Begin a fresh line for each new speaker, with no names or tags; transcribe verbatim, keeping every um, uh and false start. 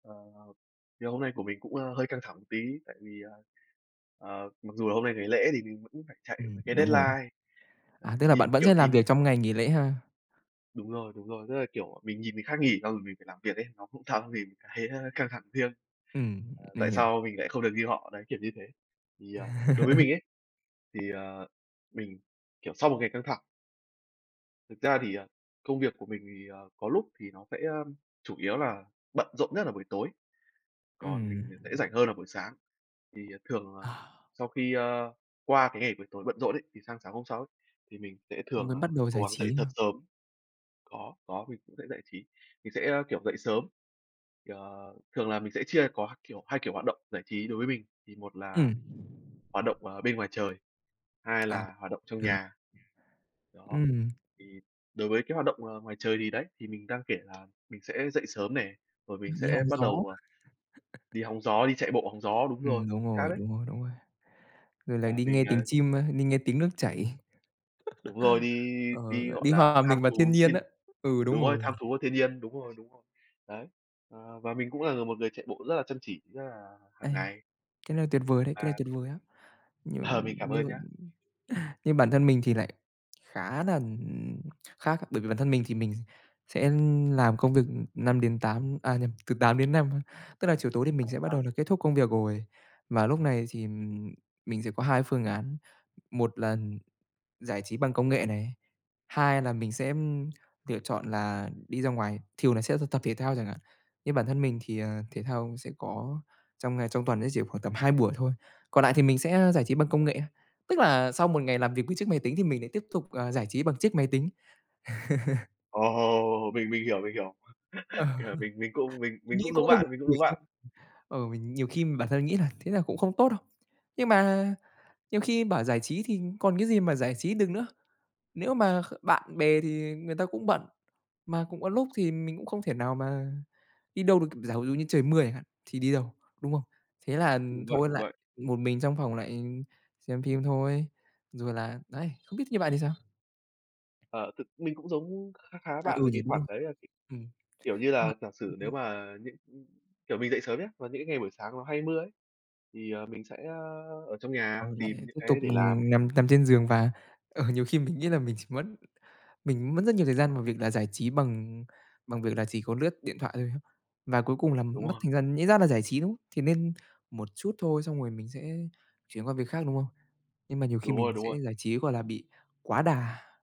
Ờ, ờ. Ngày hôm nay của mình cũng, ơ, hơi căng thẳng một tí tại vì, ờ, ờ, mặc dù là hôm nay ngày lễ thì mình vẫn phải chạy
Ừm,
cái
đúng rồi.
deadline. Ờ,
À, tức là
nhìn,
bạn vẫn
kiểu,
sẽ làm
nhìn
việc trong ngày nghỉ lễ ha?
Đúng rồi, đúng rồi, tức là, kiểu, ờ, mình nhìn người khác nghỉ xong rồi mình phải làm việc ấy, nó không xong thì mình thấy, ơ, căng thẳng thêm.
Ừm,
Ờ,
mình
tại
hiểu.
sao mình lại không được như họ, đấy, kiểu như thế. Thì, ờ, đối với mình ấy, thì, ờ, mình, kiểu, sau một ngày căng thẳng thực ra thì, ờ, công việc của mình thì, ờ, có lúc thì nó sẽ chủ yếu là bận rộn nhất là buổi tối, còn
Ừm.
mình thì sẽ rảnh hơn là buổi sáng. Thì, ờ, thường, ờ,
Ờ.
sau khi, ơ, qua cái ngày buổi tối bận rộn ấy, thì sang sáng hôm sau ấy, thì mình sẽ thường,
Mới
ờ,
bắt đầu
cố
giải
gắng dậy
trí
thật
hả?
sớm. Có, có, mình cũng sẽ giải trí. Mình sẽ, ơ, kiểu, dậy sớm, ờ, thường là mình sẽ chia có kiểu hai kiểu hoạt động giải trí đối với mình, thì một là
Ừm.
hoạt động, ờ, bên ngoài trời, hai
À,
là hoạt động trong
hiểu rồi.
nhà. Đó.
Ừm.
Thì đối với cái hoạt động, ờ, ngoài trời thì, đấy, thì mình đang kể là mình sẽ dậy sớm nè, rồi mình
Đi
sẽ
hông
bắt
gió.
đầu, à, đi hóng gió, đi chạy bộ hóng gió. Đúng rồi,
Ừm, đúng
chính xác
rồi,
đấy.
đúng rồi, đúng rồi. Rồi lại
À,
đi nghe
mình,
tiếng
ờ
chim, ơ, đi nghe tiếng nước chảy.
Đúng rồi, đi
Ờ,
đi, gọi
đi
là,
hòa
tham
mình vào thiên
thú
nhiên
thiên,
á. Ừ, đúng
đúng rồi,
rồi.
tham thú của thiên nhiên. Đúng rồi, đúng rồi. Đấy. Ờ, và mình cũng là là một người chạy bộ rất là chăm chỉ, rất là
A.
hàng ngày.
Cái này tuyệt vời đấy, cái này
À.
tuyệt vời á! Nhưng
Ờ, mình cảm
nhưng
ơn nhá!
m nhưng bản thân mình thì lại khá nà, ừm, khác, bởi vì bản thân mình thì mình sẽ, ưm, làm công việc, ưm, năm đến tám, à, nhầm từ tám đến năm ha, tức là chiều tối thì mình
À
sẽ bắt đầu
há.
là kết thúc công việc rồi và lúc này thì, ừm, mình sẽ có hai phương án. Một là giải trí bằng công nghệ này, hai là mình sẽ, ưm, lựa chọn là đi ra ngoài, thường là sẽ thực tập thể thao chẳng hạn, nhưng bản thân mình thì, ờ, thể thao sẽ có trong ngày, trong tuần ấy chỉ khoảng tầm hai buổi thôi. Còn nại thì mình sẽ, ơ, giải trí bằng công nghệ, tức là sau một ngày làm việc với chiếc máy tính thì mình lại tiếp tục, à, giải trí bằng chiếc máy tính.
Ồ, mình mình hiểu, mình hiểu.
Ờ.
Kiểu mình mình cũng mình
Nghĩ
cũng
cũng
giống
hơi buồn
bạn, mình cũng
cười
giống
nhỉ?
bạn.
Ờ, mình nhiều khi bản thân nghĩ là thế là cũng không tốt đâu, nhưng mà nhiều khi bảo giải trí thì còn cái gì mà giải trí được nữa. Nếu mà kh bạn bè thì người ta cũng bận, mà cũng có lúc thì mình cũng không thể nào mà đi đâu được. Giả ví dụ như trời mưa chẳng hạn thì đi đâu, đúng không? Thế là, ừm,
Đúng vậy,
thôi
đúng
lại
vậy.
một mình trong phòng lại xem phim thôi, rồi là đấy, không biết như bạn thì sao?
Ờ, thực mình cũng giống kha khá
À,
bạn
ừ
về
nhỉ,
cái
đúng
khoản
rồi.
đấy là,
Ừm.
kiểu như
Mà
là, giả
ừm,
sử nếu
ừm.
mà những kiểu, mình dậy sớm nhá, và những cái ngày buổi sáng nó hay mưa ấy, thì, ờ, mình sẽ, ơ, ở trong nhà
Ừ, lại
tìm những
tiếp tục,
cái để làm.
ừm, nằm nằm trên giường và, ờ, nhiều khi mình nghĩ là mình chỉ mất mình mất rất nhiều thời gian vào việc là giải trí bằng bằng việc là chỉ có lướt điện thoại thôi. Và cuối cùng là
Đúng
mất
rồi.
thời gian, nhẽ ra là giải trí, đúng không? Thế nên một chút thôi, xong rồi mình sẽ chuyển qua việc khác, đúng không? Nhưng mà nhiều khi
Đúng
mình
rồi, đúng
sẽ
rồi.
giải trí, gọi là, bị quá đà.